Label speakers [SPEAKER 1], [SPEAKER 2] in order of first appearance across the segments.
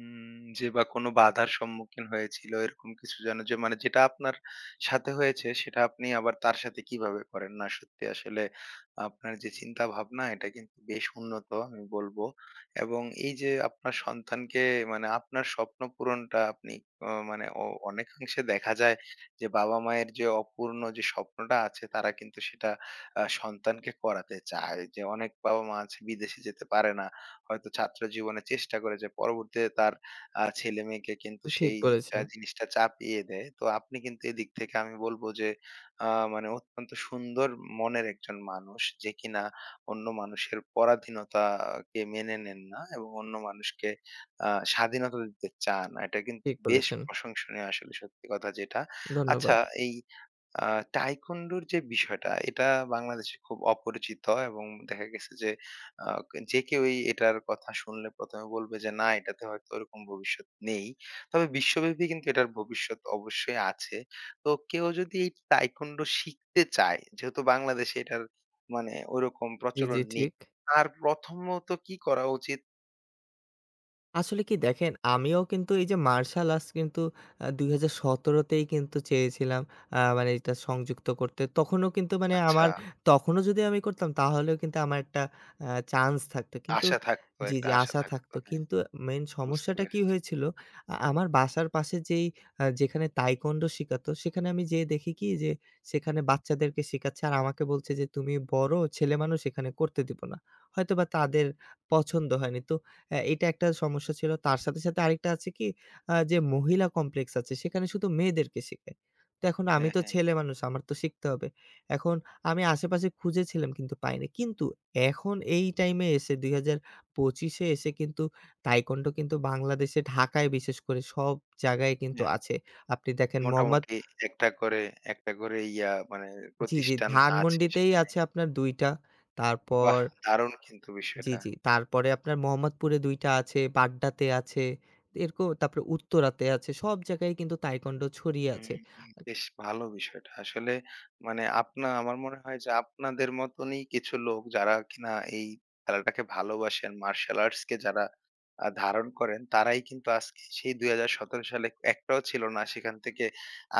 [SPEAKER 1] উম যে বা কোন বাধার সম্মুখীন হয়েছিল এরকম কিছু যেন যে মানে যেটা আপনার সাথে হয়েছে সেটা আপনি আবার তার সাথে কিভাবে করেন? না সত্যি আসলে আপনার যে চিন্তা-ভাবনা এটা কিন্তু বেশ উন্নত আমি বলবো এবং এই যে আপনার সন্তানকে মানে আপনার স্বপ্ন পূরণটা আপনি অ মানে অ অনেকাংশে দেখা যায় যে বাবা-মায়ের যে অপূর্ণ যে স্বপ্নটা আছে তারা কিন্তু সেটা আ সন্তানকে করাতে চায়। যে অনেক বাবা-মা আছে বিদেশে যেতে পারে না। হয়তো ছাত্র জীবনে চেষ্টা করেছে পরবর্তীতে তার আ ছেলেমেয়েকে কিন্তু
[SPEAKER 2] ঠিক
[SPEAKER 1] সেই
[SPEAKER 2] বলেছেন।
[SPEAKER 1] জা জিনিসটা চাপিয়ে দেয়। তো আপনি কিন্তু এদিক থেকে আমি বলব যে আ মানে অত্যন্ত সুন্দর মনের একজন মানুষ যে কিনা অন্য মানুষের পরাধীনতাকে মেনে নেন না এবং অন্য মানুষকে আ স্বাধীনতা দিতে চান। এটা কিন্তু
[SPEAKER 2] ঠিক
[SPEAKER 1] বেশ
[SPEAKER 2] বলেছেন।
[SPEAKER 1] প্রশংসনীয় আসলে সত্যি কথা যেটা। আচ্ছা
[SPEAKER 2] ধন্যবাদ।
[SPEAKER 1] এই আ Taekwondo র যে বিষয়টা এটা বাংলাদেশে খুব অপরিচিত এবং দেখা গেছে যে আ যে কেউ এটার কথা শুনলে ১ম, এ বলবে যে না এটাতে হয়তো ওরকম ভবিষ্যৎ নেই। তবে বিশ্বব্যাপী কিন্তু এটার ভবিষ্যৎ অবশ্যই আছে। তো কেউ যদি এই Taekwondo শিখতে চায় যেহেতু বাংলাদেশে এটার মানে ওরকম
[SPEAKER 2] জি, জি
[SPEAKER 1] প্রচলন নেই,
[SPEAKER 2] ঠিক।
[SPEAKER 1] তার প্রথমত কি করা উচিত?
[SPEAKER 2] আসলে কি দেখেন, আমিও কিন্তু এই যে মার্শাল আর্টস কিন্তু আ ২০১৭ তেই কিন্তু চেয়েছিলাম আ মানে এটা সংযুক্ত করতে তখনও কিন্তু মানে আমার
[SPEAKER 1] আচ্ছা।
[SPEAKER 2] তখনও যদি আমি করতাম তাহলেও কিন্তু আমার একটা আ চান্স থাকতো কিন্তু
[SPEAKER 1] আশা থাকতো,
[SPEAKER 2] জি,
[SPEAKER 1] একটা
[SPEAKER 2] জি
[SPEAKER 1] আশা
[SPEAKER 2] আশা
[SPEAKER 1] থাকতো,
[SPEAKER 2] থাকতো
[SPEAKER 1] হ্যাঁ,
[SPEAKER 2] কিন্তু মেইন
[SPEAKER 1] বুঝতে
[SPEAKER 2] সমস্যাটা কি
[SPEAKER 1] পেরেছি।
[SPEAKER 2] হয়েছিল, আ আমার বাসার পাশে যেই আ যেখানে Taekwondo শেখাতো সেখানে আমি যেয়ে দেখি কি যে সেখানে বাচ্চাদেরকে শেখাচ্ছে আর আমাকে বলছে, যে তুমি বড়, ছেলেমানুষ এখানে করতে দিব না। হয়তোবা তাদের পছন্দ হয়নি। তো অ্যা এটা একটা সমস্যা ছিল। তার সাথে, সাথে আরেকটা আছে কি আ যে মহিলা কমপ্লেক্স আছে, সেখানে শুধু মেয়েদেরকে শিখায়। তো এখন আমি
[SPEAKER 1] হ্যাঁ,
[SPEAKER 2] তো
[SPEAKER 1] হ্যাঁ।
[SPEAKER 2] ছেলেমানুষ। আমার তো শিখতে হবে। এখন আমি আশেপাশে খুঁজেছিলাম কিন্তু পাইনি। কিন্তু এখন এই টাইমে ২০২৫ এ এসে কিন্তু Taekwondo কিন্তু বাংলাদেশে ঢাকায় বিশেষ করে সব জায়গায় কিন্তু
[SPEAKER 1] অ্যা হ্যাঁ।
[SPEAKER 2] আছে। আপনি দেখেন মোহাম্মদ
[SPEAKER 1] মোটামুটি একটা করে, একটা করে ইয়া মানে
[SPEAKER 2] জি, জি
[SPEAKER 1] প্রতিষ্ঠান আছে
[SPEAKER 2] ধানমণ্ডিতেই
[SPEAKER 1] সেখানে।
[SPEAKER 2] আছে আপনার ২ টা। তারপর
[SPEAKER 1] বাহ! দারুণ কিন্তু
[SPEAKER 2] জি,
[SPEAKER 1] বিষয়টা।
[SPEAKER 2] জি তারপরে আপনার মোহাম্মদপুরে ২ টা আছে, বাড্ডাতে আছে এরকো তারপরে উত্তরাতে আছে সব জায়গায় কিন্তু Taekwondo ছড়িয়ে
[SPEAKER 1] উম
[SPEAKER 2] আছে।
[SPEAKER 1] হু। বেশ ভালো বিষয়টা। আসলে মানে আপনার আমার মনে হয় যে আপনাদের মতনই কিছু লোক যারা কিনা এই খেলাটাকে ভালোবাসেন, মার্শাল আর্টসকে আ যারা ধারণ করেন তারাই কিন্তু আজকে সেই ২০১৭ সালে একটাও ছিল না। সেখান থেকে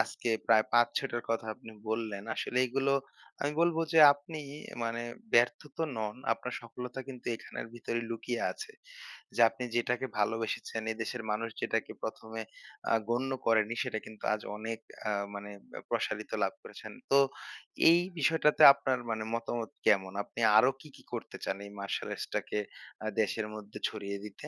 [SPEAKER 1] আজকে প্রায় ৫-৬ টার কথা আপনি বললেন। আসলে এগুলো আমি বলব যে আপনি মানে ব্যর্থ তো নন। আপনার সফলতা কিন্তু এখানের ভিতরেই লুকিয়ে আছে। যে আপনি যেটাকে ভালোবেসেছেন এ দেশের মানুষ যেটাকে ১ম, এ আ গণ্য করেনি সেটা কিন্তু আজ অনেক আ মানে ব্যা প্রসারিত লাভ করেছেন। তো এই বিষয়টাতে আপনার মানে মতামত কেমন? আপনি আরো কি, কি করতে চান এই মার্শাল আর্টসটাকে আ দেশের মধ্যে ছড়িয়ে দিতে?